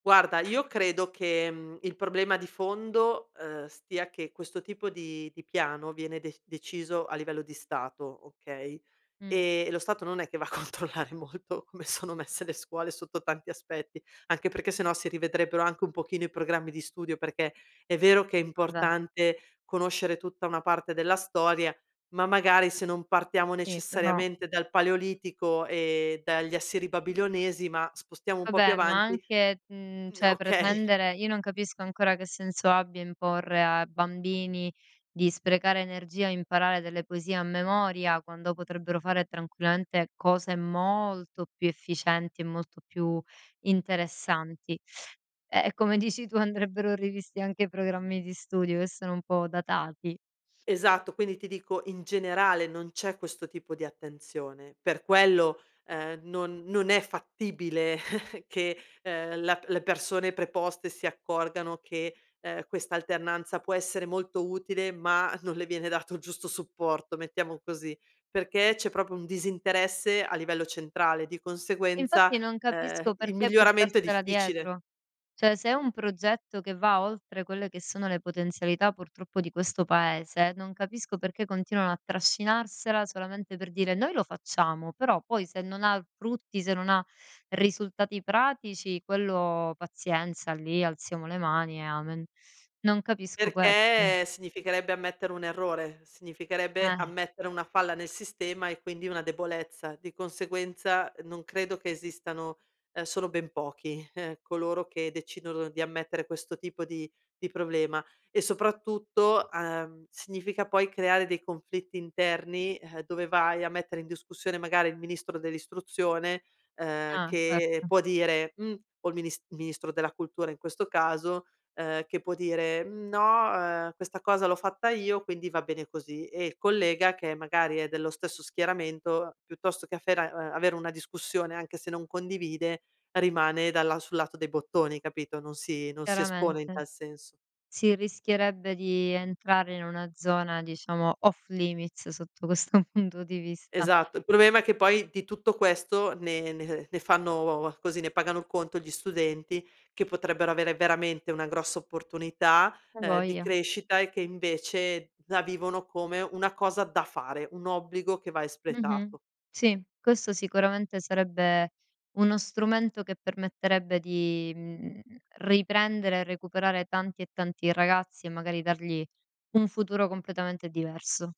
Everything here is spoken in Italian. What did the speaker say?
Guarda, io credo che, mhmm, il problema di fondo, ehm, stia che questo tipo di di piano viene de deciso a livello di Stato, okay, Mh. ehm, e lo Stato non è che va a controllare molto come sono messe le scuole sotto tanti aspetti, anche perché se no si rivedrebbero anche un pochino i programmi di studio, perché è vero che è Vabbè. importante conoscere tutta una parte della storia, ma magari se non partiamo Sì, però. necessariamente dal Paleolitico e dagli Assiri-Babilonesi, ma spostiamo un po' più Vabbè, avanti neanche, mhmm, mhmm, cioè, okay. pretendere io non capisco ancora che senso abbia imporre a bambini di sprecare energia e imparare delle poesie a memoria quando potrebbero fare tranquillamente cose molto più efficienti e molto più interessanti. Ehm, e come dici tu andrebbero rivisti anche i programmi di studio, che sono un po' datati. Esatto, quindi ti dico in generale non c'è questo tipo di attenzione. Per quello, ehm, non non è fattibile che, ehm, la le persone preposte si accorgano che, ehm, questa alternanza può essere molto utile, ma non le viene dato il giusto supporto, mettiamo così, perché c'è proprio un disinteresse a livello centrale, di Infatti conseguenza, non ehm, capisco il perché miglioramento è portarsela difficile. dietro. Cioè, se è un progetto che va oltre quelle che sono le potenzialità purtroppo di questo paese, non capisco perché continuano a trascinarsela solamente per dire: "Noi lo facciamo," però poi se non ha l frutti, se non ha risultati pratici, quello pazienza, lì alziamo le mani e amen. Non capisco questo. Perché significherebbe ammettere un errore, significherebbe Eh. ammettere una falla nel sistema e quindi una debolezza. Di conseguenza non credo che esistano, ehm sono ben pochi coloro che decidono di ammettere questo tipo di di problema e soprattutto, ehm, significa poi creare dei conflitti interni, ehm, dove vai a mettere in discussione magari il ministro dell'Istruzione, ehm, Ah, che certo. può dire: "Mh", o il minis il ministro della Cultura in questo caso, ehm, che può dire: "Mhmm, no, ehm, questa cosa l'ho fatta io, quindi va bene così." E il collega, che magari è dello stesso schieramento, piuttosto che affera ehm, avere una discussione anche se non condivide, rimane dalla sul lato dei bottoni, capito, non si non si espone in Chiaramente. tal senso. Si rischierebbe di entrare in una zona diciamo: off limits, sotto questo punto di vista. Esatto, il problema è che poi di tutto questo ne ne ne fanno, così, ne pagano conto gli studenti che potrebbero avere veramente una grossa opportunità, A ehm, di voglia. crescita e che invece la vivono come una cosa da fare, un obbligo che va Mh-mh. espletato. Sì, questo sicuramente sarebbe uno strumento che permetterebbe di, mhmm, riprendere e recuperare tanti e tanti ragazzi e magari dargli un futuro completamente diverso.